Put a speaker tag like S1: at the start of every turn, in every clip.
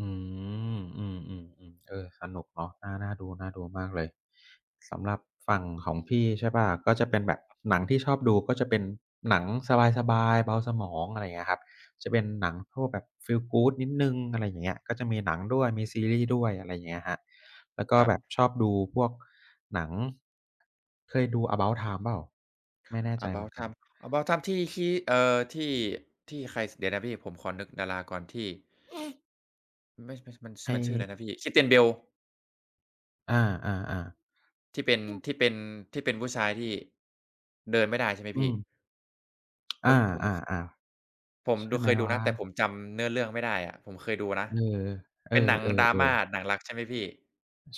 S1: อืม อืม ๆ ๆ เออ สนุกเนาะ น่า น่าดู ๆ มากเลย สำหรับฝั่งของพี่ ใช่เปล่า ก็จะเป็นแบบหนังที่ชอบดู ก็จะเป็นหนังสบาย ๆ เบาสมอง อะไรอย่างเงี้ยครับ จะเป็นหนังพวกแบบฟีล good นิดหนึ่ง อะไรอย่างเงี้ย ก็จะมีหนังด้วย มีซีรีส์ด้วย อะไรเงี้ยครับ แล้วก
S2: ค
S1: ็
S2: รั
S1: แบ
S2: บ
S1: บชอบดูพวกหนัง เคยดู About Time เปล่า? ไม่แน่ใจเหมื
S2: About
S1: อนกัน
S2: Time About Time ที่คิ เอ่อ ที่ ที่ใคร ส เดี๋ยวนะพี่ผมขอนึกดาราก่อน ที่ มันไม่ ช มัน
S1: ให
S2: มันชื่ออะไร
S1: ้
S2: นะพี่ Christian Bale
S1: อา ๆ ๆ
S2: ที่เป็น
S1: อือ
S2: ที่เป็น ที่เป็นผู้ชายที่ เดินไม่ได้ใช่ไหม
S1: อื
S2: พี่?
S1: อ อ
S2: โอ
S1: า
S2: ้ย ผม ข
S1: ๆ
S2: ผม
S1: ๆ ใช่
S2: ดู
S1: ไ
S2: เ
S1: ห
S2: ค
S1: ม
S2: ยดู
S1: ว
S2: น
S1: ้
S2: ะ แต่ผ
S1: า?
S2: มจำเนื้อเรื่องไม่ได้อะ ผมเคยดูนะ
S1: เออ เอ
S2: เ
S1: อ
S2: ป็นหนัง drama
S1: ๆ ๆ
S2: หนังรัก ใช่ไหมพี่?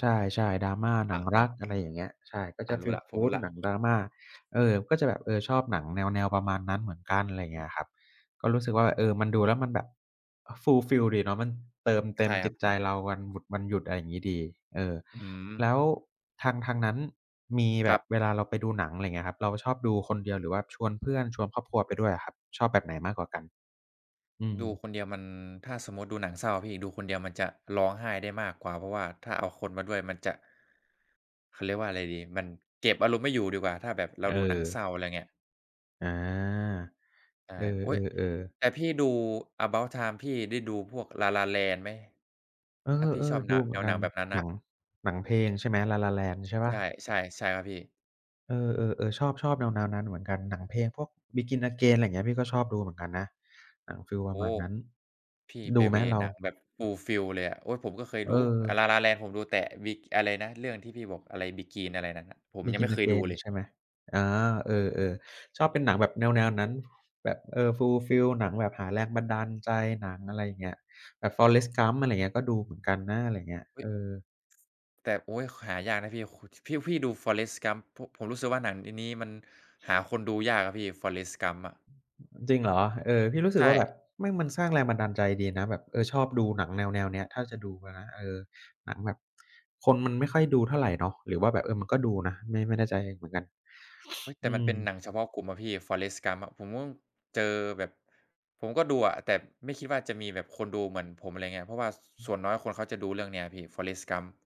S1: ใช่ ๆ drama ห
S2: อ
S1: นั
S2: ะ
S1: ง
S2: ฮ
S1: รั
S2: ะ
S1: ก อะไรอย่างเงี้ย ใช่ ก็
S2: อ
S1: จ
S2: ะ
S1: ะ
S2: ร
S1: ฟ
S2: ู้
S1: ี
S2: แ
S1: ล
S2: ล้ว ผมรู้
S1: good
S2: แล้
S1: ห
S2: ว
S1: นัง drama เออ ก็จะแบบ เออ ชอบหนังแนว ๆ ประมาณนั้นเหมือนกัน อะไรอย่า
S2: อ
S1: งเงี้
S2: ืม
S1: ยครับ ก็รู้สึกว่า เออ มันดูแล้วมันแบบ fulfill ดีเนาะ มันเติมเต
S2: ใ
S1: ็
S2: ช่
S1: ม
S2: ค
S1: จ
S2: รั
S1: ิ
S2: บ
S1: ตใจเราวันบุ วันหยุด อะไรอย่างงี้ดี เออ
S2: อื
S1: แ
S2: ม
S1: ล้วทาง ทางนั้นมีแ
S2: ค
S1: บ
S2: รั
S1: บ
S2: บ
S1: เวลาเราไปดูหนัง อะไรอย่างเงี้ยครับ เราชอบดูคนเดียว หรือว่าชวนเพื่อน ชวนครอบครัวไปด้วยอะครับ ชอบแบบไหนมากกว่ากัน? อื
S2: ดู
S1: อ
S2: คนเดียวมัน ถ้าสมมุติดูหนังเศร้าอะพี่ ดูคนเดียวมันจะร้องไห้ได้มากกว่า เพราะว่าถ้าเอาคนมาด้วยมันจะ เขาเรียกว่าอะไรดี มันเก็บอารมณ์ไม่อยู่ดีกว่า ถ้าแบบเรา
S1: เอ
S2: ดูหนัง
S1: อ
S2: เศร้า อะไรเงี้ย
S1: อา
S2: ใช่
S1: เอ
S2: โอ๊ย
S1: อ ๆ ๆ
S2: แต่พี่ดู About Time พี่ได้ดูพวก La La Land ไหม?
S1: เออ
S2: ถ้าพี่ชอบ
S1: ๆ
S2: แ
S1: ด
S2: น
S1: ู
S2: ว
S1: เห
S2: แ
S1: ม
S2: น
S1: ือน
S2: ว
S1: ก
S2: หน
S1: ั
S2: ั
S1: น
S2: งแบบนั้นน
S1: ห
S2: ่
S1: น
S2: ะ
S1: ัง หนังเพลงใช่ไหม La La Land ใช่เปล่า?
S2: ใช่ ๆ ๆ ครับพี่
S1: เออ ๆ ๆ ชอบ ๆ แนว ๆ นั้นเหมือนกัน หนังเพลงพวก Begin Again อะไรเงี้ย พี่ก็ชอบดูเหมือนกันนะ หนังฟีล
S2: โ
S1: ป
S2: อ้
S1: ร
S2: โ
S1: ะม
S2: ฮ
S1: าณนั้น
S2: พี่
S1: ด
S2: ไป
S1: ูไห
S2: เ
S1: ม
S2: วย์
S1: เรา?
S2: หนังแบบ fulfill เลยอะ โอ๊ย ผมก็เคย
S1: เ
S2: ดู อา
S1: ออ
S2: La La Land ผมดูแตะวิ อะไรนะ เรื่องไอ้ที่พี่บอก อะไร Begin อะไรนั่นน่ะ? ผมยังไม่
S1: Begin
S2: เคยดู
S1: Again
S2: เลย
S1: ใช่ไหม? อา เออ ๆ ชอบเป็นหนังแบบแนว ๆ นั้น แบบ เออ fulfill หนังแบบหาแรงบันดาลใจ หนัง อะไรอย่างเงี้ย แบบ Forrest Gump อะไรเงี้ย ก็ดูเหมือนกันนะ อะไรเงี้ย
S2: เฮ
S1: เอ
S2: ้ย
S1: อ
S2: แต่ โอ๊ย ข หายากนะพี่ ข ช พี่ พี่ดู Forrest Gump ผม ผมรู้สึกว่า หนังอันนี้มันหาคนดูยากอะพี่ Forrest Gump อะ
S1: จริงเหรอ? เออ พี่รู้ส
S2: ใ
S1: ึ
S2: ช
S1: กว่าแบ
S2: ่
S1: บแม่งมันสร้างแรงบันดาลใจดีนะ แบบ เออ ชอบดูหนังแนว ๆ เนี้ย ถ้าจะดูอะนะ เออ หนังแบบคนมันไม่ค่อยดูเท่าไรเนาะ หรือว่าแบบ เออ มันก็ดูนะ ไม่ ไม่แน่ใจเหมือนกัน
S2: อุ๊ย แต
S1: อ
S2: ่
S1: ื
S2: มันเป็น
S1: อ
S2: หนังเฉพาะกลุ่มอะพี่ Forrest Gump อะ ผมก็เจอแบบ ผมก็ดูอะ แต่ไม่คิดว่า จะมีแบบคนดูเหมือนผม อะไรเงี้ย เพราะว่า
S1: อ
S2: ส่วน
S1: ือ
S2: น้อยคนเขาจะดูเรื่องนี้อะพี่ Forrest Gump